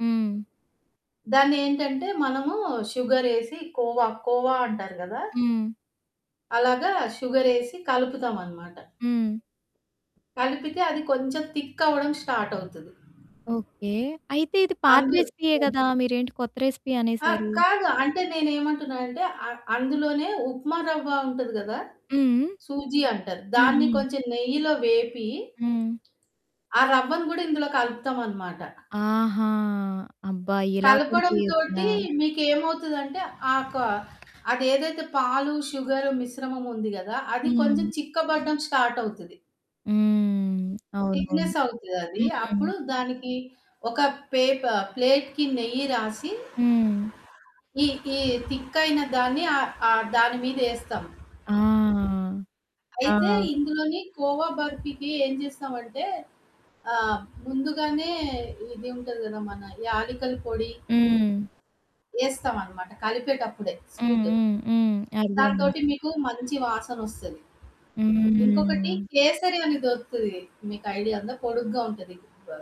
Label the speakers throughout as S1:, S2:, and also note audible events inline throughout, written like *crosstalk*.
S1: హ్మ్.
S2: దాన్ని ఏంటంటే మనము షుగరేసి కోవా, కోవా అంటారు కదా!
S1: హ్మ్.
S2: అలాగా షుగరేసి కలుపుతామనమాట.
S1: హ్మ్.
S2: కలిపితే అది కొంచెం థిక్కవ్వడం స్టార్టవుతది.
S1: ఓకే. అయితే ఇది పాత
S2: అందు
S1: రెసిపీయే
S2: హ్మ్.
S1: కదా! మీరేంటి కొత్త రెసిపీ
S2: ఆ!
S1: అనేశారు?
S2: కాదు. అంటే నేనేమంటున్నానంటే, అ అందులోనే ఉప్మా రవ్వ ఉంటది కదా!
S1: హ్మ్.
S2: సూజి అంటారు.
S1: హ్మ్.
S2: దాన్ని
S1: హ్మ్.
S2: కొంచెం నెయ్యిలో వేపి
S1: హ్మ్.
S2: ఆ రవ్వను కూడా ఇందులో కలుపుతామనమాట.
S1: ఆహా! అబ్బా! ఇలా కూడా చేయొచ్చునా?
S2: కలపడంతోటి మీకేమవుతదంటే, ఆ కా అదేదైతే పాలు, షుగరు మిశ్రమం ఉంది కదా! అది కొంచెం
S1: హ్మ్.
S2: చిక్క పడడం స్టార్టవుతది.
S1: హ్మ్. అవునవును.
S2: థిక్నెస్ అవుతదది.
S1: హ్మ్.
S2: అప్పుడు దానికి ఒక పేప్ ఆహ్, ప్లేట్‌కి నెయ్యి రాసి
S1: హ్మ్.
S2: ఈ, ఈ తిక్కైన దాన్ని ఆహ్, ఆహ్, దాని మీదేస్తాం.
S1: ఆ!
S2: అయితే
S1: ఆ!
S2: ఇందులోని కోవా బర్ఫీకి ఏం చేస్తామంటే, ఆహ్, ముందుగానే ఇది ఉంటది కదా! మన యాలికల పొడి
S1: హ్మ్.
S2: ఏస్తామనమాట. కలిపేటప్పుడే
S1: హ్మ్.
S2: స్వీటు.
S1: హ్మ్. హ్మ్. అర్థమైంది.
S2: దాంతోటి మీకు మంచి వాసనొస్తది. ఇంకొకటి
S1: హ్మ్.
S2: కేసరి అనేదొరుకుతది. మీకు ఐడియా ఉందా? పొడుగ్గా ఉంటది.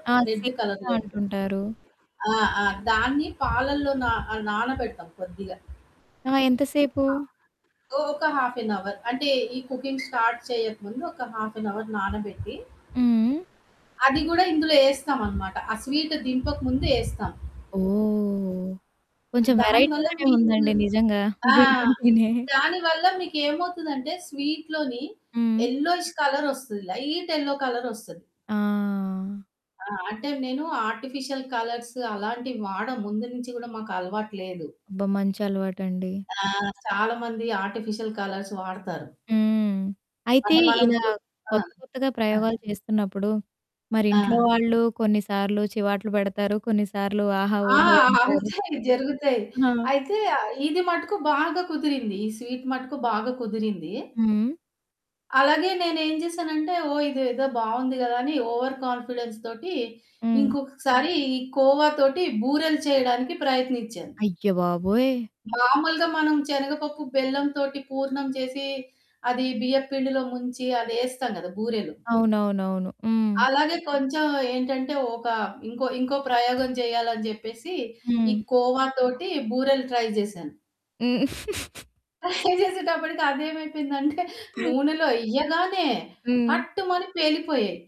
S1: ఆ! *unintelligible*
S2: రెడ్డు కలర్‌లో ఉంటది.
S1: అంటుంటారు.
S2: ఆ! ఆ! దాన్ని పాలల్లో నా ఆహ్, నానబెడతాం కొద్దిగా.
S1: ఆ! ఎంతసేపు?
S2: ఆ! సో, ఒక హాఫ్ ఎన్ అవర్. అంటే ఈ కుకింగ్ స్టార్ట్ చేయక ముుందు ఒక హాఫ్ ఎన్ అవర్ నానబెట్టి,
S1: హ్మ్.
S2: అది కూడా ఇందులో ఏస్తామనమాట. ఆ స్వీటు దింపక ముుందు ఏస్తాం.
S1: ఓహ! కొంచెం
S2: దాని వల్ల
S1: వెరైటీగానే
S2: మీకు
S1: ఉందండి నిజంగా.
S2: ఆ!
S1: వింటుంటేనే. *chuckles*
S2: దానివల్ల మీకేమవుతదంటే, స్వీటులోని
S1: హ్మ్.
S2: ఎల్లోఇష్ కలరొస్తది. లైట్ ఎల్లో కలరొస్తది.
S1: ఆ!
S2: ఆ! అంటే నేను ఆర్టిఫిషియల్ కలర్సు అలాంటివి వాడ. ముందు నుంచి కూడా మాకలవాటు లేదు.
S1: అబ్బా! మంచలవాటండి.
S2: ఆ! చాలామంది ఆర్టిఫిషియల్ కలర్స్ వాడతారు.
S1: హ్మ్. అయితే
S2: అంటే
S1: ఇలా
S2: మనమిప్పుడు ఆ!
S1: కొత్త, కొత్తగా
S2: ఆ!
S1: ప్రయోగాలు చేస్తున్నప్పుడు మరి ఇంట్లో
S2: ఆ!
S1: వాళ్ళు కొన్నిసార్లు చివాట్లు పెడతారు, కొన్నిసార్లు "ఆహా!
S2: ఆ!
S1: ఓహో!" ఉంటారు.
S2: అవుతాయి. జరుగుతాయి.
S1: ఆ!
S2: అయితే ఆహ్, ఇది మటుకు బాగా కుదిరింది. ఈ స్వీటు మటుకు బాగా కుదిరింది.
S1: హ్మ్.
S2: అలాగే నేనేం చేశానంటే, ఓహ్! ఇదేదో బావుంది కదా! అని ఓవర్ కాన్ఫిడెన్స్‌తోటి
S1: హ్మ్.
S2: ఇంకొకసారి ఈ కోవా తోటి బూరెలు చేయడానికి ప్రయత్నించాను.
S1: అయ్య బాబోయ్!
S2: మామూలుగా మనం శనగపప్పు, బెల్లంతోటి పూర్ణం చేసి, అది బియ్యప్పిండిలో ముంచి అదేస్తాం కదా బూరెలు.
S1: అవునవునవును. హ్మ్.
S2: అలాగే కొంచెం ఏంటంటే ఒక ఇంకో, ఇంకో ప్రయోగం చేయాలని చెప్పేసి ఈ
S1: హ్మ్.
S2: కోవాతోటి బూరెలు ట్రై చేశాను.
S1: హ్మ్. *giggles*
S2: *chuckles* ట్రై చేసేటప్పటికి అదేమైపోయిందంటే, నూనెలో ఎయ్యగానే
S1: హ్మ్.
S2: పట్టుమని పేలిపోయాయి.